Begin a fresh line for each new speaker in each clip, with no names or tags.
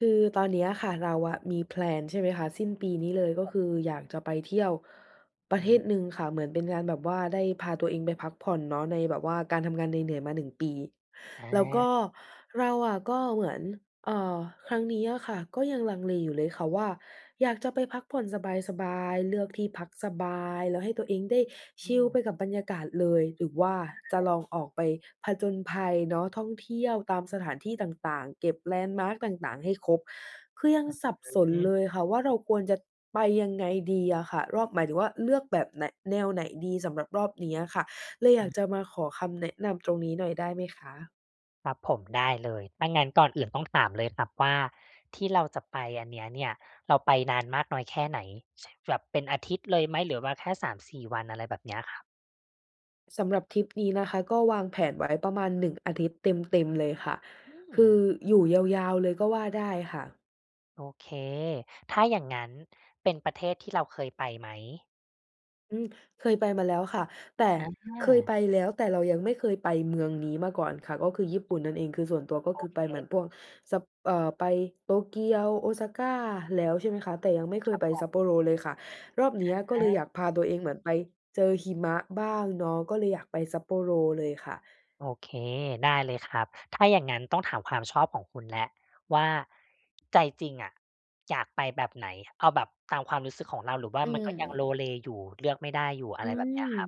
คือตอนเนี้ยอะค่ะ เราอะมี แพลน ใช่ไหมคะ สิ้นปีนี้เลย ก็
ผ
คืออยากจะไปเที่ยวปร
อ
ะเท
ืม
ศหนึ่งค่ะ เหมือนเป็นการแบบว่าได้พาตัวเองไปพักผ่อนเนาะ ในแบบว่าการทำงานเหนื่อย ๆ มา 1 ปี
อ
แล้วก็
า
เราอะก็เหมือน เอ่อ ครั้งนี้อะค่ะ ก็ยังลังเลอยู่เลยค่ะว่า อยากจะไปพักผ่อนสบาย ๆ เลือกที่พักสบาย แล้วให้ตัวเองได้ช
อื
ิลไป
ม
กับบรรยากาศเลย หรือว่าจ
ค
ะ
รับ
ลองออกไปผจญภัยเนาะ ท่องเที่ยวตามสถานที่ต่าง ๆ เก็บแลนด์มาร์กต่าง ๆ ให้ครบ คือยัง
อื
สับส
อ
น
ฮึ
เลยค่ะว่า เราควรจะไปยังไงดีอะค่ะ รอบ หมายถึงว่าเลือกแบบไหน แนวไหนดีสำหรับรอบนี้อะค่ะ เลยอ
อ
ยา
ื
ก
ม
จะมาขอคำแนะนำตรงนี้หน่อย ได้ไหมคะ?
ครับผม ได้เลย ถ้างั้นก่อนอื่นต้องถามเลยครับว่าที่เราจะไปอันเนี้ยเนี่ย เราไปนาน มากน้อยแค่ไหน? ช แบบเป็นอาทิตย์เลยไหม หรือว่าแค่ 3-4 วัน อะไรแบบ เนี้ยครับ?
อ สำหรับทริป นี้นะคะ ก็วางแผนไว้ประมาณ 1 อาทิตย์ เต็ม ๆ เลยค่ะ
อื
คือ
ม
อยู่ ยาว ๆ เลยก็ว่าได้ค่ะ
โอเค ถ้าอย่างงั้นเป็นประเทศที่เราเคยไปไหม?
อืม เคยไปมาแล้วค่ะ แต่
อะฮ
เคย
ะ
ไปแล้ว แต่เรายังไม่เคยไปเมืองนี้มาก่อนค่ะ ก็คือญี่ปุ่นนั่นเอง คือส่วนตัวก็
โอ
คือไป
เค
เหมือนพวกซับ เอ่อ ไปโตเกียว Osaka แล้ว ใช่ไหมคะ แต่ยังไม่เค
คร
ย
ับ
ไป
ผม
Sapporo เลยค่ะ รอบเนี้ยก็เล
อ
ยอ
า
ยากพาตัวเองเหมือนไปเจอหิมะบ้างเนาะ ก็เลยอยากไป Sapporo เลยค่ะ
โอเค ได้เลยครับ ถ้าอย่างงั้นต้องถามความชอบของคุณแล้วว่า ใจจริงอะอยากไปแบบไหน เอาแบบตามความรู้สึกของเรา หรือว่
อ
า
ื
มันก็ยัง
ม
โลเลอยู่ เลือกไม่ได้อยู่ อะ
อื
ไรแบบเนี้ย
ม
ครับ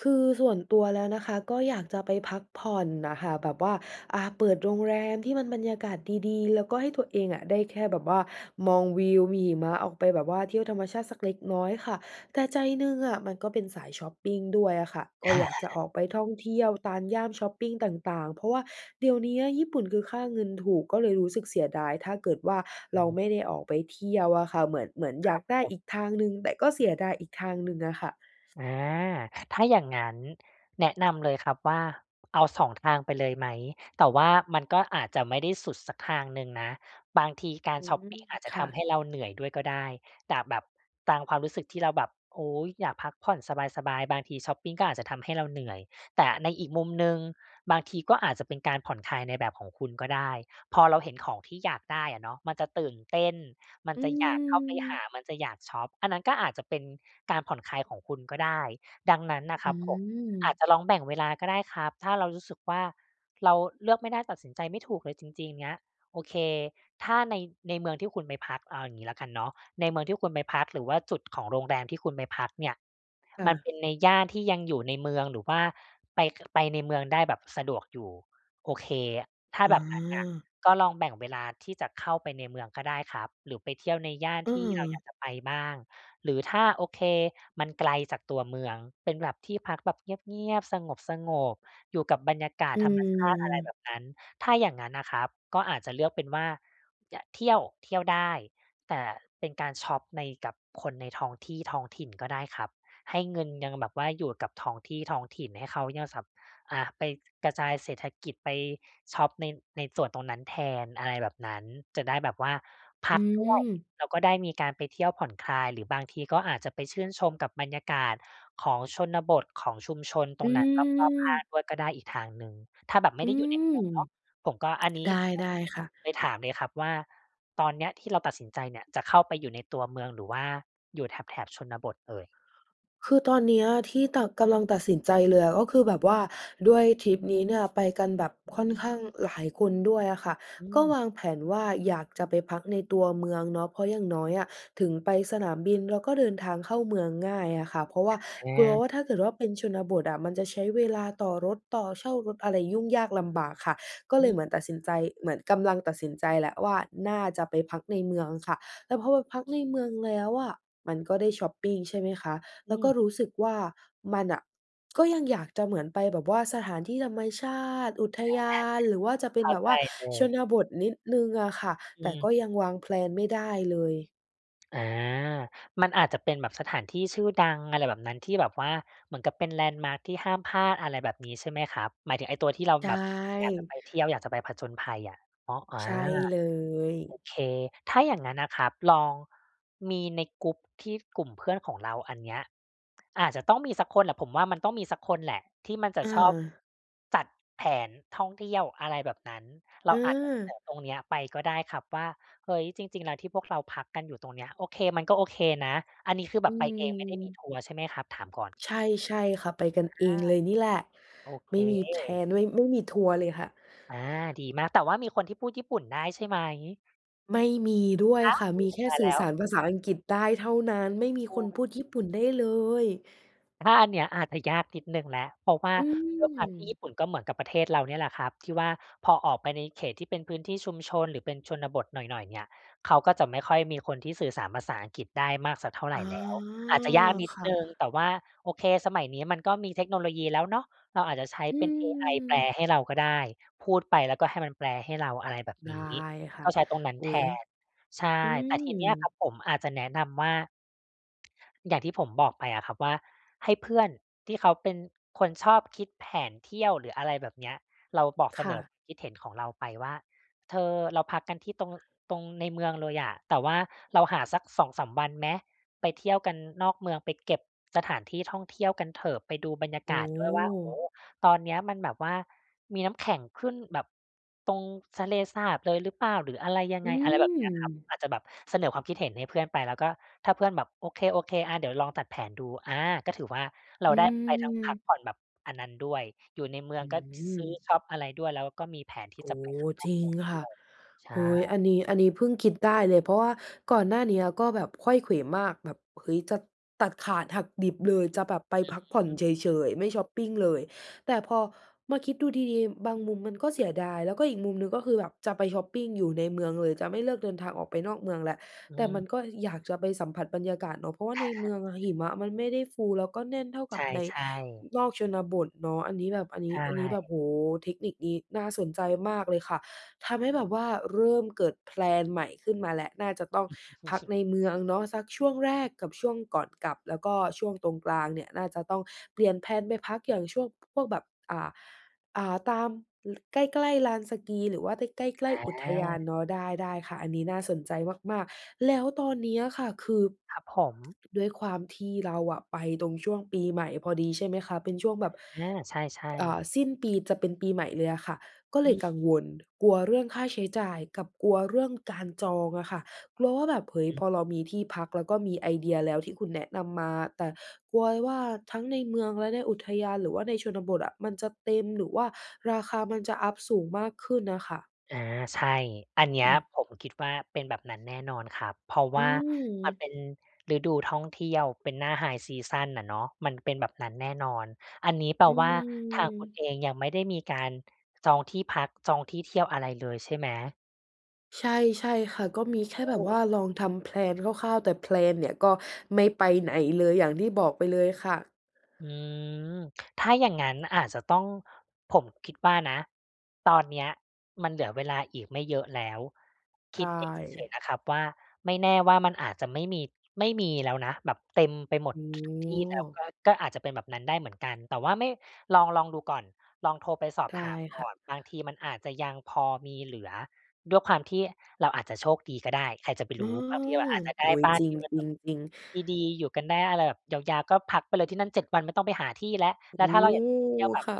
คือส่วนตัวแล้วนะคะ ก็อยากจะไปพักผ่อนน่ะค่ะ แบบว่า อ่า เปิดโรงแรมที่มันบรรยากาศดี ๆ แล้วก็ให้ตัวเองอะ ได้แค่แบบว่ามองวิว มีหิมะออกไปแบบว่าเที่ยวธรรมชาติสักเล็กน้อยค่ะ แต่ใจหนึ่งอะมันก็เป็นสายชอปปิงด้วยอะค่ะ ก็อยากจะออกไปท่องเที่ยวตามย่านชอปปิงต่าง ๆ เพราะว่าเดี๋ยวเนี้ยญี่ปุ่นคือค่าเงินถูก ก็เลยรู้สึกเสียดาย ถ้าเกิดว่า
อ
เ
ื
รา
ม
ไม่ได้ออกไปเที่ยวอะค่ะ เหมือน เหมือนอ
ค
ย
ร
า
ั
ก
บ
ได้
ผม
อีกทางหนึ่ง แต่ก็เสียดายอีกทางหนึ่งอะค่ะ
อา ถ้าอย่างงั้น แนะนำเลยครับว่า เอา 2 ทางไปเลยไหม แต่ว่ามันก็อาจจะไม่ได้สุดสักทางหนึ่งนะ บางทีกา
อ
ร
ื
ชอป
ม
ปิงอาจจ
ค
ะท
่
ำให
ะ
้เราเหนื่อยด้วยก็ได้ แต่แบบ ตามความรู้สึกที่เราแบบ โอ๊ย อยากพักผ่อนสบาย ๆ บางทีชอปปิง ก็อาจจะทำให้เราเหนื่อย แต่ในอีกมุมหนึ่ง บางทีก็อาจจะเป็นการผ่อนคลายในแบบของคุณก็ได้ พอเราเห็นของที่อยากได้อะเนาะ มันจะตื่นเต้น มัน
อื
จะอยากเข้าไปหา
ม
มันจะอยากชอป อันนั้นก็อาจจะเป็นการผ่อนคลายของคุณก็ได้ ดังนั้นนะ
อ
ค
ื
รับผม อ
ม
าจจะลองแบ่งเวลาก็ได้ครับ ถ้าเรารู้สึกว่าเราเลือกไม่ได้ ตัดสินใจไม่ถูกเลยจริง ๆ เงี้ย โอเค ถ้าใน ในเมืองที่คุณไปพัก เอาอย่างงี้แล้วกันเนาะ ในเมืองที่คุณไปพัก หรือว่าจุดของโรงแรมที่คุณไปพักเนี่ย
ค่
มัน
ะ
เป็นในย่านที่ยังอยู่ในเมือง หรือว่าไป ก ไปในเมืองได้แบบสะดวกอยู่ โอเค ถ้า
อ๋
แบบนั้นน่ะ
อ
ก็ลองแบ่งเวลาที่จะเข้าไปในเมืองก็ได้ครับ หรือไปเที่ยวในย่านที่เราอยา
เออ
กจะไปบ้าง หรือถ้า โอเค มันไกลจากตัวเมือง เป็นแบบที่พักแบบเงียบ ๆ สงบ ๆ อยู่กับบรรยากาศ
อื
ธรรมชาติ อะไรแบ
อ
บนั้น ถ้าอย่างงั้นน่ะครับ ก็อาจจะเลือกเป็นว่า จะเที่ยว เที่ยวได้ แต่เป็นการชอปใน กับคนในท้องที่ ท้องถิ่นก็ได้ครับ ให้เงินยังแบบว่าอยู่กับท้องที่ท้องถิ่น ให้เขายัง ส อา ไปกระจายเศรษฐกิจ ไปชอปใน ในส่วนตรงนั้นแทน อะไรแบบนั้น จะได้แบบว่าพ
อื
ักด้วย
ม
แล้วก็ได้มีการไปเที่ยวผ่อนคลาย หรือบางทีก็อาจจะไปชื่นชมกับบรรยากาศของชนบท ของชุมชนต
อ
ร
ื
งนั้นรอบ ๆ ข้า
ม
งด้วยก็ได้อีกทางหนึ่ง ถ้าแบบไ
อ
ม
ื
่ได้อยู่ในเม
ม
ืองเนาะ ผมก็ อันน
ไ
ี
ด
้
้
ก็
ได้
เลย
ค่ะ
เลยถามเลยครับว่า ตอนเนี้ยที่เราตัดสินใจเนี่ยจะเข้าไปอยู่ ในตัวเมือง หรือว่า อยู่แถบ ๆ ชนบทเอ่ย?
คือตอนเนี้ย ที่ ต กำลังตัดสินใจเลยอะ ก็คือแบบว่าด้วยทริปนี้เนี่ยไปกันแบบค่อนข้างหลายคนด้วยอะค่ะ
อื
ก็
ม
วางแผนว่าอยากจะไปพักในตัวเมืองเนาะ เพราะอย่างน้อยอะถึงไปสนามบิน เราก็เดินทางเข้าเมืองง่ายอะค่ะ เพราะว่า
อ
กลัวว
อา
่าถ้าเกิดว่าเป็นชนบทอะมันจะใช้เวลาต่อรถ ต่อ เช่ารถอะไรยุ่งยากลำบากค่ะ ก็
อ
เลย
ื
เ
ม
หมือนตัดสินใจ เหมือน กำลังตัดสินใจแล้วว่าน่าจะไปพักในเมืองค่ะ แต่พอไปพักในเมืองแล้วอะมันก็ได้ชอปปิง ใช่ไหมคะ
อ
แล
ื
้วก็
ม
รู้สึกว่ามันน่ะ ก็ยังอยากจะเหมือนไปแบบว่าสถานที่ธรรมชาติ อุทยาน หรือว่าจะเป็
เข
น
้า
แบบ
ใจ
ว่า
เล
ช
ย
นบทนิดหนึ่งอะค่ะ
อ
แต่ก็ย
ืม
ังวาง แพลน ไม่ได้เลย
อา มันอาจจะเป็นแบบสถานที่ชื่อดัง อะไรแบบนั้น ที่แบบว่าเหมือนกับเป็นแลนด์มาร์กที่ห้ามพลาด อะไรแบบนี้ใช่ไหมครับ หมายถึงไอ้ตัว ที่เรา
ได
แบบอยากจะไ
้
ปเที่ยว อยากจะไปผจญภัยอะ อ๋อ อา
ใช่ เลย
โอเค ถ้า อย่างงั้นอะครับ ลอง มีในกรุ๊ปที่กลุ่มเพื่อนของเราอันเนี้ย อาจจะต้องมีสักคนแหละ ผมว่ามันต้องมีสักคนแหละ ที่มันจะ
อะ
ชอบ
ฮะ
จัดแผนท่องเที่ยว อะไรแบบนั้น เร
อื
าอาจจะเสน
ม
อตรงนี้ไป ก็ได้ครับว่า "เฮ้ย จริง ๆ แล้วที่พวกเราพักกันอยู่ตรงเนี้ย โอเค มันก็โอเคนะ" อันนี้คือแ
อ
บ
ื
บไปเองไม่ได้มี
ม
ทัวร์ใช่ไหมครับ? ถามก่อน
ใช่ ใช่ค่ะ ไปกันเอ
อ
ง
า
เลยนี่แหละ
โอเ
ไ
ค
ม่มี แพลน ไม่ ไม่มีทัวร์เลยค่ะ
อา ดีมาก แต่ว่ามีคนที่พูดญี่ปุ่นได้ใช่ไหม?
ไม่มีด้วย
อ้าว
ค่ะ มี
โอ
แค
้
่
ตาย
สื
แ
่
ล
อ
้
ส
ว
ารภาษาอังกฤษได้เท่านั้น ไม่มี
โอ๊
คนพ
ย
ูดญี่ปุ่นได้เลย
ถ้าอันเนี้ยอาจจะยากนิดหนึ่งแล้ว เพราะว่า
อื
ด้วยความที่
ม
ญี่ปุ่นก็เหมือนกับประเทศเราเนี่ยแหละครับ ที่ว่าพอออกไปในเขตที่เป็นพื้นที่ชุมชน หรือเป็นชนบทหน่อย ๆ เนี่ย เขาก็จะไม่ค่อยมีคนที่สื่อสารภาษาอังกฤษได้มากสักเท่าไ
อ
ร
๋อ
แล้ว อาจจะ ยากนิด
ค่
หน
ะ
ึ่ง แต่ว่า โอเค สมัยนี้มันก็มีเทคโนโลยีแล้วเนาะ เราอาจจะใช้
อื
เป็นเอไอแปล
ม
ให้เรา ก็ได้ พูดไปแล้วก็ให้มันแปลให้เรา อะไรแบบ
ได
น
้
ี้
ค่ะ
ก็ใช้ตรงนั้น
อุ๊
แท
ย
น ใช่
อื
แต่
ม
ทีเนี้ยครับผมอาจจะแนะนำว่า อย่างที่ผมบอกไปอะครับ ว่าให้เพื่อนที่เขาเป็นคนชอบคิดแผนเที่ยว หรืออะไรแบบเนี้ย เราบอกเ
ค
ส
่
นอ
ะ
ความคิดเห็นของเราไปว่า "เธอ เราพักกันที่ตรง ตรงในเมืองเลยอะ แต่ว่าเราหาสัก 2-3 วันไหม? ไปเที่ยวกันนอกเมืองไปเก็บสถานที่ท่องเที่ยวกันเถอะ ไปดูบรรยา
โอ
ก
้
าศด้วยว่า โอ้โฮ! ตอนเนี้ยมันแบบว่ามีน้ำแข็งขึ้นแบบตรงทะเลสาบเลยหรือเปล่า? หรืออะไรยัง
อื
ไง" อะไรแบบเนี้ยครับ
ม
อาจจะแบบเสนอความคิดเห็นให้เพื่อนไป แล้วก็ถ้าเพื่อนแบบ "โอเค ๆ อา เดี๋ยวลองตัดแผนดู" อา ก็ถือว่าเร
อ
า
ื
ได้ไปทั้งพัก
ม
ผ่อนแบบอันนั้นด้วย อยู่ในเมือ
อ
ง
ื้
ก็
อฮ
ซ
ื
ซื้อ
อ
ช็อปอะไรด้วย แล้วก็มีแผนที
โ
่
อ
จ
้
ะ
โ
ไป
ฮ
ข้างน
จ
อก
ริ
เม
ง
ืองด้ว
ค่ะ
ย ใช
เฮ
่
้ย อันนี้ อันนี้เพิ่งคิดได้เลย เพราะว่าก่อนหน้าเนี้ยก็แบบไขว้เขวมาก แบบ เฮ้ย จะตัดขาดหักดิบเลย จะแบบไป
อื
พ
อ
ักผ่อน
ฮึ
เฉย ๆ ไม่ช็อปปิงเลย แต่พอมาคิดดูดี ๆ บางมุมมันก็เสียดาย แล้วก็อีกมุมหนึ่งก็คือแบบจะไปช็อปปิงอยู่ในเมืองเลย จะไม่เลือกเดินทางออกไปนอกเมืองแล้ว
อ
แต่มั
ือ
นก็อยากจะไปสัมผัสบรรยากาศเนาะ เพราะว่าในเมืองอะหิมะมันไม่ได้ฟู แล้วก็แน่นเท่าก
ใช
ับ
่
ใน อ
ๆ
นอกชนบทเนาะ อันนี้แบบ อันน
ใ
ี
ช
้ อันนี้แบ
่
บ โอ้โฮ เทคนิคนี้น่าสนใจมากเลยค่ะ ทำให้แบบว่าเริ่มเกิด แพลน ใหม่ขึ้นมาแล้ว น่าจะต้องพักในเมืองเนาะ สักช่วงแรกกับช่วงก่อนกลับ แล้วก็ช่วงตรงกลางเนี่ย น่าจะต้องเปลี่ยนแพลนไปพักอย่างช่วง พวกแบบ อ่า อ่า ตาม ล ใกล้ ๆ ลานสกี หรือว่าใต้ ใกล้ ๆ อุทยา
อา
นเนาะ ได้ ได้ค่ะ อันนี้น่าสนใจมาก ๆ แล้วตอนนี้อะค่ะ คือ
ครับผม
ด้วยความที่เราอะไปตรงช่วงปีใหม่พอดี ใช่ไหมคะ เป็นช่วงแบบ
อา ใช่
ก อ่
ๆ
า สิ้นปีจะเป็นปีใหม่เลยอะค่ะ ก็เล
อ
ย
ือ
กังวล กลัวเรื่องค่าใช้จ่ายกับกลัวเรื่องการจองอะค่ะ กลัวว่าแบบ เฮ้ย พ
อือ
อเรามีที่พัก แล้วก็มีไอเดียแล้ว ที่คุณแนะนำมา แต่กลัวว่าทั้งในเมือง และในอุทยาน หรือว่าในชนบทอะมันจะเต็ม หรือว่าราคามันจะอัปสูงมากขึ้นน่ะค่ะ
อา ใช่ อันเนี้
อ
ย
ืม
ผมคิดว่าเป็นแบบนั้นแน่นอนครับ เพราะ
อ
ว
ื
่ามัน
ม
เป็นฤดูท่อง เที่ยว เป็นหน้าไฮซีซัน อะเนาะ มันเป็นแบบนั้นแน่นอน อันนี้แปล
อื
ว่าทางคุณ
ม
เองยังไม่ได้มี การจองที่พัก จองที่เที่ยวอะไรเลยใช่ไหม?
ใช่ ใช่ค่ะ ก็มีแค่
อื
แบบว
ม
่าลองทำ แพลน คร่าว ๆ แต่ แพลน เนี่ย ก็ไม่ไปไหนเลย อย่างที่บอกไปเลยค่ะ
อืม ถ้าอย่างงั้นอาจจะต้อง ผมคิดว่านะ ตอนเนี้ยมันเหลือเวลาอีกไม่เยอะแล้ว ค
ใช
ิดเองเฉย
่
ๆ นะครับว่า ไม่แน่ว่ามันอาจจะไม่มี ไม่มีแล้วนะ แบบเต็มไปหม
โ
ด
อ้
ทุก ๆ ที่แล้ว
โฮ
ก็ ก็อาจจะเป็นแบบนั้นได้เหมือนกัน แต่ว่าไม่ ลอง ลองดูก่อน ลองโทรไปสอบ
ได้
ถามก
ค
่อ
่ะ
น บางทีมันอาจจะยังพอมีเหลือ ด้วยความที่เราอาจจะโชคดีก็ได้ ใครจะไป
อ๋
ร
อ
ู้ บางทีเราอาจจะ
โ
ได
อ
้
้โฮ
บ้า
จ
น
ริ
ท
ง
ี่มัน
จร
แบ
ิง
บ
จริง
ดี ๆ อยู่กันได้อะไรแบบยาว ๆ ก็พักไปเลยที่นั่น 7 วันไม่ต้องไปหาที่แล้ว
โอ
แ
้
ล้วถ้าเ
โ
ร
ฮ
าอยากจะไปเที่ยวแบบ
ค่ะ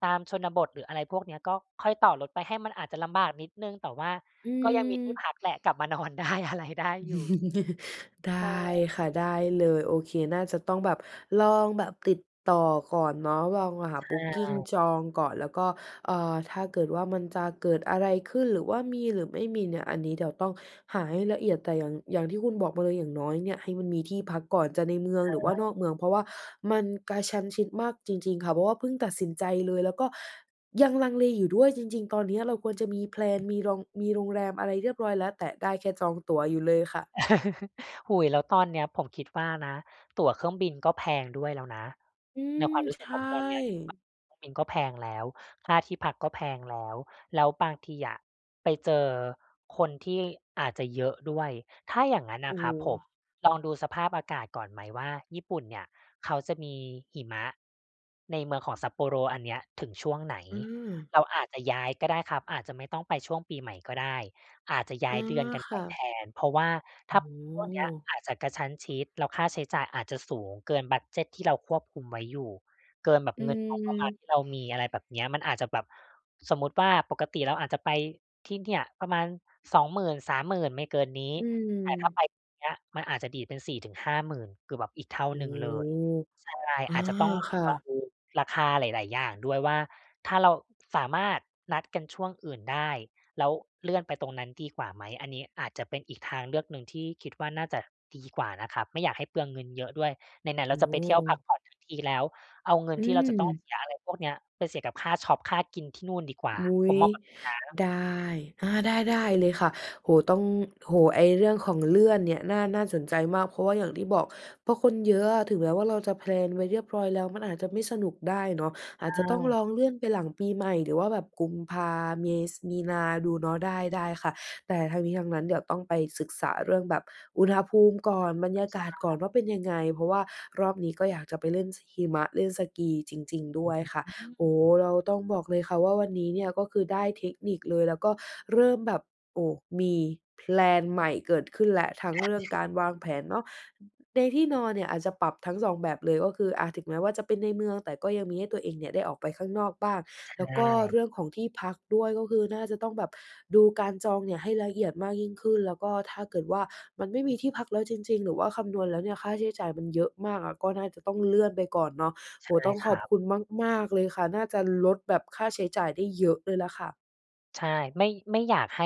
ตามชนบท หรืออะไรพวกเนี้ย ก็ค่อยต่อรถไป ให้มัน อาจจะลำบากนิดหนึ่ง แต่ว่า
อื
ก็ยังมี
ม
ที่พักแหละ กลับมานอน ได้อะไร ได้อยู่
ได
ใช
้
่
ค่ะ ได้เลย โอเค น่าจะต้องแบบลองแบบติดต่อก่อนเนาะ ลองหาบุกกิ
อ
ง
า
จองก่อน แล้วก็ อ่า ถ้าเกิดว่ามันจะเกิดอะไรขึ้น หรือว่ามีหรือไม่มีเนี่ย อันนี้เดี๋ยวต้องหาให้ละเอียด แต่อย่าง อย่างที่คุณบอกมาเลย อย่างน้อยเนี่ย ให้มันมีที่พักก่อน จะในเมืองหรือว่
อ
า
า
นอกเมือง เพราะว่ามันกระชั้นชิดมากจริง ๆ ค่ะ เพราะว่าเพิ่งตัดสินใจเลย แล้วก็ยังลังเลอยู่ด้วย จริง ๆ ตอนเนี้ย เราควรจะมี แพล
อ
น
ืม
มีรอง มีโรงแรมอะไรเรียบร้อยแล้ว แต่ได้แค่จองตั๋วอยู่เลยค่ะ
โอ้โฮ แล้วตอนเนี้ย ผมคิดว่านะ ตั๋วเครื่องบินก็แพงด้วยแล้วนะ
อื
ใน
ม
ความรู้
ใ
ส
ช
ึก
่
ผม ตอนนี้คิดว่าตั๋วเครื่องบินก็แพงแล้ว ค่าที่พักก็แพงแล้ว แล้วบางทีอะไปเจอคนที่อาจจะเยอะด้วย ถ้าอย่างนั้น
โ
น
อ
่
้
ะค
โ
รับผ
ฮ
ม ลองดูสภาพอากาศก่อน ไหมว่าญี่ปุ่นเนี่ย เขาจะมีหิมะในเมืองของ Sapporo อันเนี้ย ถึงช่วงไหน
เออ
เราอาจจะ ย้ายก็ได้ครับ อาจจะไม่ต้องไปช่วงปีใหม่ ก็ได้ อาจจะย้
อ๋
า
อ
ยเดือนกัน
ค
ไป
่ะ
แทน เพราะว่า
โอ
ถ้
้
า
โ
ช่วงนี้
ฮ
อาจจะกระชั้นชิด แล้วค่าใช้จ่ายอาจจะสูงเกินบัดเจด ที่เราควบคุมไว้อยู่ เกินแบบ
อื
เงินงบประมาณ
ม
ที่เรามี อะไรแบบเนี้ย มันอาจจะแบบ สมมุติว่าปกติเราอาจจะ ไปที่เนี่ย ประมาณ 20,000-30,000 ไม่เกินนี้
อื
แต่ถ้าไ
ม
ปตอนเนี้ย มันอาจจะดีดเป็น 4-50,000 คือแบบอีกเท่า
โอ้
หนึ่
โฮ
งเลย ใช่
อา
อาจจะต้อง
ค่
ลอง
ะ
ดูราคาหลาย ๆ อย่างด้วยว่า ถ้าเราสามารถนัดกันช่วงอื่นได้ แล้วเลื่อนไปตรงนั้นดีกว่าไหม อันนี้อาจจะเป็นอีกทางเลือกหนึ่งที่คิดว่าน่าจะดีกว่านะครับ ไม่อยากให้เปลืองเงินเยอะด้วย ไหน ๆ
โ
เร
อ
า
้
จะ
โ
ไปเที่ยวพัก
ฮ
ผ่อนทั้งทีแล้ว เอาเงิ
อ
น
ื
ที่เราจะต้อง
ม
เสียอะไรพวกนี้ไปเสียกับค่าชอป ค่ากินที่นู่นดีก
ด
ว่า
อุ๊
ผม
ย
มองแบบนี้นะ
ได้ อา ได้ ได้เลยค่ะ โอ้โฮ ต้อง โอ้โฮ ไอ้เรื่องของ เลื่อนเนี่ย น่า น่าสนใจมาก เพราะว่าอย่างที่บอก พอคนเยอะอะ ถึงแม้ว่าเราจะ แพลน ไว้เรียบร้อยแล้ว มันอาจจะไม่สนุกได้เนาะ อ
ใ
า
ช
จจะต้องล
่
องเลื่อนไปหลังปี ใหม่ หรือว่าแบบกุมภา เม ส มีนาดูเนาะ ได้ ได้ค่ะ แต่ทั้งนี้ทั้งนั้น เดี๋ยวต้องไปศึกษาเรื่องแบบอุณหภูมิก่อน บรรยา
ใช
กาศก่
่
อน ว่าเป็นยังไง เพราะว่ารอบนี้ก็อยากจะไปเล่น ช หิมะ เล่นสกีจริง ๆ ด
อ
้วยค่ะ
ื
โอ้โฮ
ม
เราต้องบอกเลยค่ะว่าวันนี้เนี่ยก็คือได้เทคนิคเลย แล้วก็เริ่มแบบ โอ้ มี แพลน ใหม่เกิดขึ้นแล้ว ทั้ง
ใช่
เรื
อ
่
ื
อง
อฮึ
การวางแผนเนาะ ในที่นอนเนี่ย อาจจะปรับทั้ง 2 แบบเลย ก็คือ อา ถึงแม้ว่าจะเป็นในเมือง แต่ก็ยังมีให้ตัวเองเนี่ยได้ออกไปข้างนอกบ้าง
ใช
แล้วก็
่
เรื่องของที่พักด้วย ก็คือน่าจะต้องแบบดูการจองเนี่ยให้ละเอียดมากยิ่งขึ้น แล้วก็ถ้าเกิดว่ามันไม่มีที่พักแล้วจริง ๆ หรือว่าคำนวณแล้วเนี่ยค่าใช้จ่ายมันเยอะมากอะ ก็น่าจะต้องเลื่อนไปก่อนเนาะ
ใ
โ
ช
อ
่
้โฮ ต้อง
ค
ข
ร
อ
ั
บ
บ
คุณมาก ๆ เลยค่ะ น่าจะลดแบบค่าใช้จ่ายได้เยอะเลยแหละค่ะ
ใช่ ไม่ ไม่อยากให้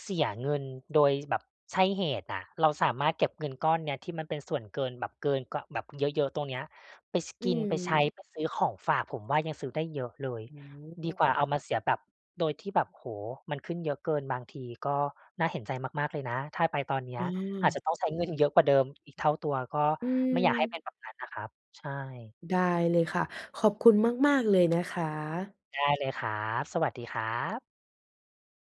เสียเงินโดย ช แบบใช่เหตุอะ เราสามารถเก็บเงินก้อนเนี้ย ที่มันเป็นส่วนเกินแบบเกิน ก ว แบบเยอะ ๆ ตรงนี้ ไป ช ก
อื้อ
ิน
ฮื
ไปใช้ ไปซื้อของ
อ
ฝาก ผมว่ายังซื้อได้เยอะเลย
โอ้โ
ดีกว่าเอามา
ฮ
เสียแบบ โดยที่แบบ โอ้โฮ มันขึ้นเยอะเกิน บางทีก็น่าเห็นใจมาก ๆ เลยนะ ถ้าไปตอนเนี้ย อาจจ
เออ
ะต้องใช้ เงิน เยอะกว่าเดิม อีกเท่าตัว ก็
อื
ไม่อยากให้เป็
ม
นแบบนั้นนะครับ ใช่
ได้เลยค่ะ ขอบคุณมาก ๆ เลย นะคะ
ได้เลยครับ สวัสดีครับ